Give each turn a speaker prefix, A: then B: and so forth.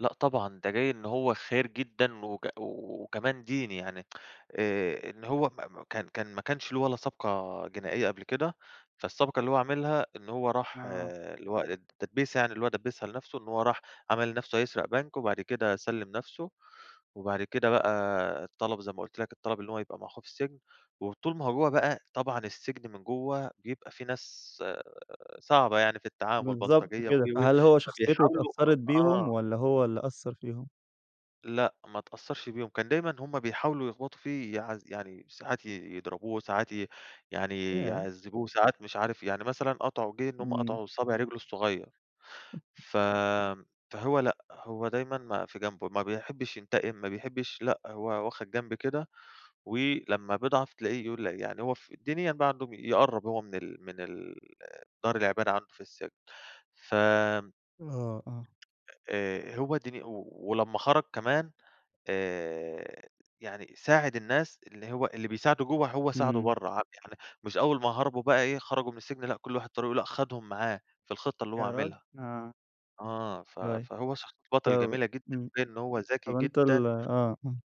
A: لأ طبعًا، ده جي إن هو خيِّر جدًا وك وكمان ديني يعني. آآ إن هو ما ما كان كان ما كانش له ولا سابقة جنائية قبل كده. فالسابقة اللي هو عملها إن هو راح
B: آه.
A: اللي هو التدبيسة يعنى اللى هو دبِّسها لنفسه، إن هو راح عمل نفسه هيسرق بنك، وبعد كده سلِّم نفسه وبعد كده بقى طلب- زي ما قلت لَك- الطلب إن هو يبقى مع أخوه في السجن. وطول ما هو جوّه بقى طبعًا السجن من جوّه بيبقى فيه ناس، آآ صعبة يعني في التعامل
B: بالضبط
A: بلطجية و،
B: كده.
A: و، و
B: فهل هو شخصيته
A: فبيحاولوا
B: أتأثّرت بيهم
A: آه.
B: والّا هو اللي أثر فيهم؟
A: لأ، ما أتأثّرش بيهم. كان دايمًا هم بيحاولوا يخبطوا فيه يعذ يعني ساعات ي يضربوه، ساعات ي يعني
B: ياه!
A: يعذبوه، ساعات مش عارف يعني مثلًا قطعوا جه إن هم
B: إمم.
A: قطعوا صابع رجله الصغيّر. ف فهو لأ، هو دايمًا ما في جنب، ما بيحبش ينتقم ما بيحبش لأ هو واخد جنب كده، ولما بيضعَف تلاقيه يقول يعني هو ف الدنيا بقى عنده، يقرب هو من ال من ال دار العبادة عنده في السجن. ف
B: آه، آه.
A: آآ هو ديني أوي. ولما خرج كمان، آآ يعني ساعِد الناس اللي هو اللي بيساعده جوّه هو ساعده
B: إمم.
A: برّه. ع يعني مش أول ما هربوا بقى إيه، خرجوا من السجن، لأ كل واحد طريقه، لأ، أخدهم معاه في الخطة اللي هو
B: ياراجل!
A: عاملها.
B: آه.
A: آه ف
B: [unintelligible]
A: فهو شخصية بطل
B: طبعًا،
A: جميلة جدًا،
B: إمم.
A: تبين إن هو ذكي
B: طب أنتَ ال
A: جدًا.
B: آه، آه.